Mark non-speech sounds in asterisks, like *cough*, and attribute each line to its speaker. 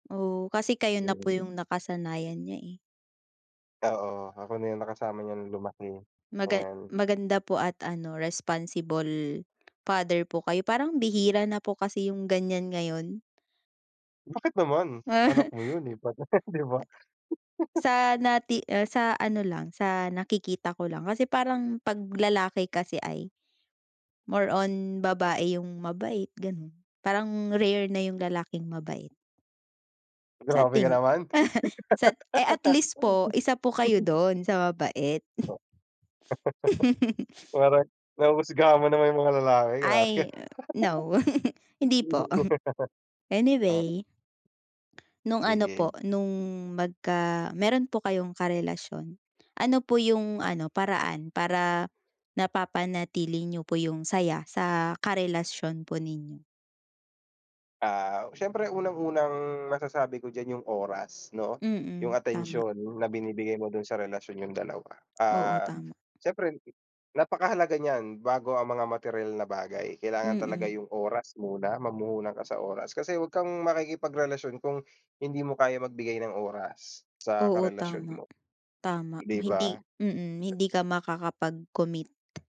Speaker 1: Oh, kasi kayo na po
Speaker 2: Hmm.
Speaker 1: yung nakasanayan niya, eh.
Speaker 2: Oo, ako na 'yung nakasama niya nung lumaki,
Speaker 1: Maga
Speaker 2: ayan.
Speaker 1: maganda po at ano responsible father po kayo, parang bihira na po kasi yung ganyan ngayon.
Speaker 2: Bakit naman anak
Speaker 1: Ah.
Speaker 2: mo yun, eh, *unintelligible* di ba? *laughs*
Speaker 1: Sa nati ah, sa ano lang sa nakikita ko lang, kasi parang pag lalaki kasi ay, more on babae yung mabait ganun, parang rare na yung lalaking mabait. Sa
Speaker 2: Grabe ka
Speaker 1: tingi
Speaker 2: naman.
Speaker 1: sat eh, at least po isa po kayo
Speaker 2: *laughs*
Speaker 1: dun sa mabait.
Speaker 2: Oh.
Speaker 1: *laughs*
Speaker 2: *laughs* Parang, nahusgahan mo naman 'yung mga lalaki, grabe ka.
Speaker 1: Ay no, *laughs* hindi po,
Speaker 2: *laughs* Oh.
Speaker 1: anyway. No'ng ano
Speaker 2: Sige.
Speaker 1: po no'ng magka meron po kayong karelasyon, ano po yung ano paraan para napapanatili niyo po yung saya sa karelasyon po ninyo?
Speaker 2: Ah, siyempre unang unang masasabi ko diyan yung oras 'no? Yung
Speaker 1: Mm, tama.
Speaker 2: atensyon na binibigay mo dun sa relasyon niyong dalawa,
Speaker 1: Oo,
Speaker 2: ah,
Speaker 1: tama.
Speaker 2: syempre napakahalaga niyan bago ang mga materyal na bagay, kailangan talaga
Speaker 1: Mm.
Speaker 2: yung oras muna, mamuhunan ka sa oras kasi huwag kang makikipagrelasyon kung hindi mo kaya magbigay ng oras sa
Speaker 1: Oo.
Speaker 2: karelasyon
Speaker 1: Tama,
Speaker 2: mo,
Speaker 1: tama
Speaker 2: di
Speaker 1: hindi,
Speaker 2: ba?
Speaker 1: mm, hindi ka makakapag-commit.